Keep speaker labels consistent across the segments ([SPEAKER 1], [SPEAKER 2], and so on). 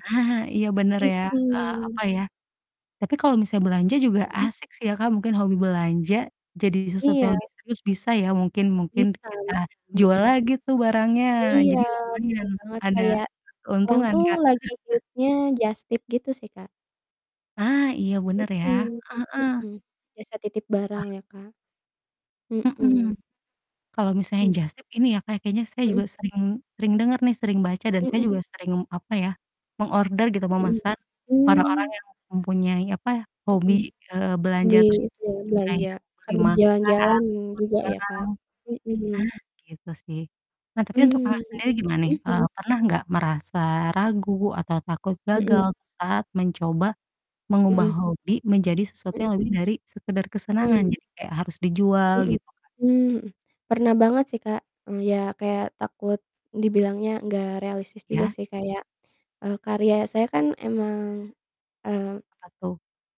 [SPEAKER 1] Nah, iya, bener ya, eee,
[SPEAKER 2] Mhm.
[SPEAKER 1] apa ya tapi kalau misalnya belanja juga
[SPEAKER 2] Mhm.
[SPEAKER 1] asik sih ya Kak mungkin hobi belanja, jadi sesuatu
[SPEAKER 2] Iya.
[SPEAKER 1] yang lebih serius bisa ya mungkin mungkin
[SPEAKER 2] Bisa bisa,
[SPEAKER 1] kita jual
[SPEAKER 2] mhm.
[SPEAKER 1] lagi tuh barangnya,
[SPEAKER 2] Iya,
[SPEAKER 1] jadi lumayan
[SPEAKER 2] bener banget!
[SPEAKER 1] ada,
[SPEAKER 2] Kayak, sekarang
[SPEAKER 1] keuntungan
[SPEAKER 2] tuh
[SPEAKER 1] Kak.
[SPEAKER 2] lagi hits-nya jastip gitu sih, Kak.
[SPEAKER 1] Ah, iya bener ya, heeh
[SPEAKER 2] Mhm
[SPEAKER 1] heeh.
[SPEAKER 2] mhm, jasa titip
[SPEAKER 1] Ah.
[SPEAKER 2] barang ya Kak.
[SPEAKER 1] Mhm,
[SPEAKER 2] Mhm.
[SPEAKER 1] kalau misalnya
[SPEAKER 2] Mmm.
[SPEAKER 1] jastip ini ya Kak kayaknya saya
[SPEAKER 2] Mhm.
[SPEAKER 1] juga sering sering denger nih sering baca dan saya
[SPEAKER 2] Mhm.
[SPEAKER 1] juga sering, apa ya, mengorder gitu,
[SPEAKER 2] Mhm,
[SPEAKER 1] memesan, orang-orang
[SPEAKER 2] mmm.
[SPEAKER 1] yang mempunyai apa,
[SPEAKER 2] Mhm.
[SPEAKER 1] hobi, eee, belanja
[SPEAKER 2] Hobi,
[SPEAKER 1] terus
[SPEAKER 2] itu
[SPEAKER 1] mungkin
[SPEAKER 2] belanja,
[SPEAKER 1] kayak beli
[SPEAKER 2] sambil
[SPEAKER 1] makan,
[SPEAKER 2] jalan-jalan juga ya
[SPEAKER 1] barang-barang,
[SPEAKER 2] Kak, mhm.
[SPEAKER 1] gitu sih. Nah, tapi untuk
[SPEAKER 2] Mmm,
[SPEAKER 1] Kakak sendiri gimana nih,
[SPEAKER 2] mhm
[SPEAKER 1] eee,
[SPEAKER 2] mhm.
[SPEAKER 1] pernah nggak merasa ragu atau takut gagal
[SPEAKER 2] Mhm.
[SPEAKER 1] tuh saat mencoba, mengubah
[SPEAKER 2] Mhm.
[SPEAKER 1] hobi menjadi sesuatu
[SPEAKER 2] Mhm.
[SPEAKER 1] yang lebih dari sekedar kesenangan
[SPEAKER 2] Mmm.
[SPEAKER 1] jadi kayak harus dijual
[SPEAKER 2] Mhm
[SPEAKER 1] gitu, Kak?
[SPEAKER 2] mhm mhm, pernah banget sih Kak, mmm, ya kayak takut, dibilangnya nggak realistis juga
[SPEAKER 1] Iya.
[SPEAKER 2] sih kayak, eee, karya saya kan emang, mmm
[SPEAKER 1] Apa tuh?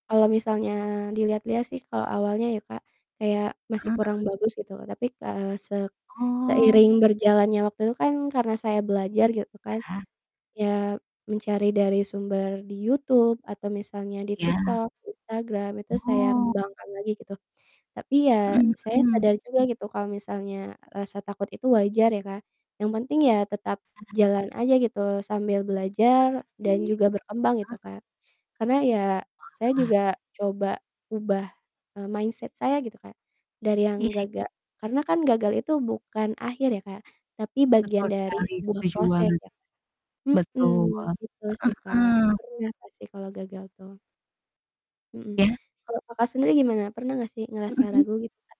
[SPEAKER 2] kalau misalnya dilihat-lihat sih kalau awalnya ya Kak, kayak masih
[SPEAKER 1] Heeh heeh.
[SPEAKER 2] kurang bagus, gitu. Tapi ka se
[SPEAKER 1] Oh.
[SPEAKER 2] seiring berjalannya waktu itu kan karena saya belajar gitu kan,
[SPEAKER 1] Iya.
[SPEAKER 2] ya mencari dari sumber di YouTube atau misalnya di
[SPEAKER 1] Iya.
[SPEAKER 2] TikTok, Instagram itu saya
[SPEAKER 1] Oh.
[SPEAKER 2] kembangkan lagi, gitu. Tapi ya,
[SPEAKER 1] Mhm
[SPEAKER 2] saya
[SPEAKER 1] mhm.
[SPEAKER 2] sadar juga gitu, kalau misalnya rasa takut itu wajar ya Kak, yang penting ya tetap,
[SPEAKER 1] Heeh.
[SPEAKER 2] jalan aja gitu, sambil
[SPEAKER 1] Bener
[SPEAKER 2] belajar dan
[SPEAKER 1] sih.
[SPEAKER 2] juga berkembang
[SPEAKER 1] Heeh.
[SPEAKER 2] gitu Kak. Karena, ya saya
[SPEAKER 1] Wah.
[SPEAKER 2] juga coba ubah, eee, mindset saya gitu Kak, dari
[SPEAKER 1] Iya
[SPEAKER 2] yang
[SPEAKER 1] iya.
[SPEAKER 2] gaga karena kan gagal itu bukan akhir ya Kak, tapi bagian
[SPEAKER 1] Betul
[SPEAKER 2] dari
[SPEAKER 1] sekali,
[SPEAKER 2] sebuah
[SPEAKER 1] setuju
[SPEAKER 2] proses
[SPEAKER 1] banget.
[SPEAKER 2] ya kan? Mhm,
[SPEAKER 1] Betul, heeh
[SPEAKER 2] gitu, betul sih Kak,
[SPEAKER 1] heeh.
[SPEAKER 2] pernah nggak sih kalau gagal tuh Mhm,
[SPEAKER 1] Iya.
[SPEAKER 2] kalau Kakak sendiri gimana, pernah nggak sih
[SPEAKER 1] Mhm
[SPEAKER 2] ngerasa
[SPEAKER 1] mhm.
[SPEAKER 2] ragu gitu Kak?